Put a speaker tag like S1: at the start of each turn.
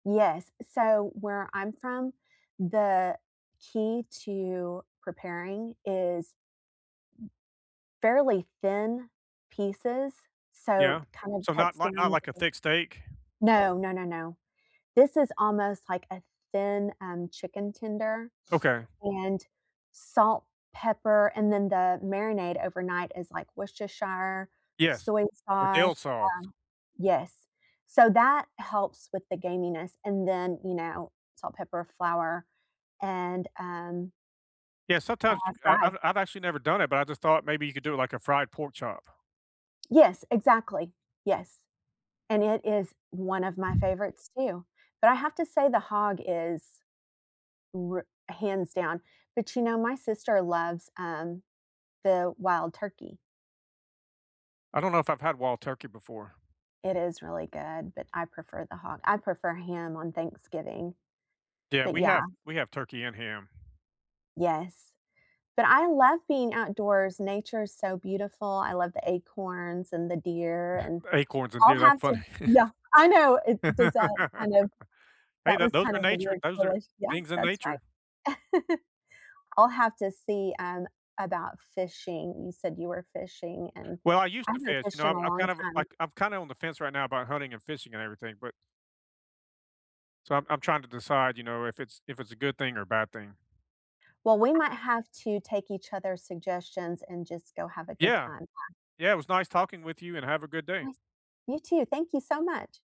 S1: Yes, so, where I'm from the key to preparing is, fairly thin pieces, so,
S2: Yeah.
S1: it kind of
S2: So not
S1: cuts down
S2: not not like a
S1: the
S2: thick steak?
S1: No. No, no, no. This is almost like a thin, um, chicken tender
S2: Okay.
S1: and salt, pepper and then the marinade overnight is like Worcestershire,
S2: Yes,
S1: soy
S2: or dill
S1: sauce,
S2: sauce.
S1: um yes, so that helps with the gaminess and, then, you know, salt, pepper, flour and, um,
S2: Yeah.
S1: uh,
S2: Sometimes you
S1: fry.
S2: I've I've actually never done it, but I just thought maybe you could do it like a fried pork chop.
S1: Yes, exactly. Yes, and it is one of my favorites, too, but I have to say the hog is r hands down but, you know, my sister loves, um, the wild turkey.
S2: I don't know if I've had wild turkey before.
S1: It is really good, but I prefer the hog. I prefer ham on Thanksgiving,
S2: Yeah.
S1: but,
S2: We
S1: yeah.
S2: have we have turkey and ham.
S1: Yes, but I love being outdoors, nature is so beautiful. I love the acorns and the deer and
S2: Acorns and
S1: I'll
S2: deer, that's
S1: have to
S2: funny.
S1: yeah. I know, it does that kind of
S2: Hey,
S1: that
S2: that
S1: was
S2: those
S1: kind
S2: are
S1: of a
S2: nature
S1: weird
S2: those are
S1: push. Yeah,
S2: things in
S1: that's right.
S2: nature.
S1: I'll have to see, um, about fishing. You said you were fishing, and
S2: Well, I used
S1: I
S2: to
S1: haven't
S2: fish, you
S1: fished
S2: know,
S1: in
S2: I'm
S1: a
S2: I'm
S1: long
S2: kind of,
S1: time.
S2: like I'm kinda on the fence right now about hunting and fishing, and everything, but So, I'm I'm trying to decide, you know, if it's if it's a good thing, or a bad thing.
S1: Well, we
S2: Uh
S1: might have to take each other's suggestions and just go have a good
S2: Yeah.
S1: time, then.
S2: Yeah, it was nice talking with you, and have a good day.
S1: [unintelligible] You too. Thank you so much.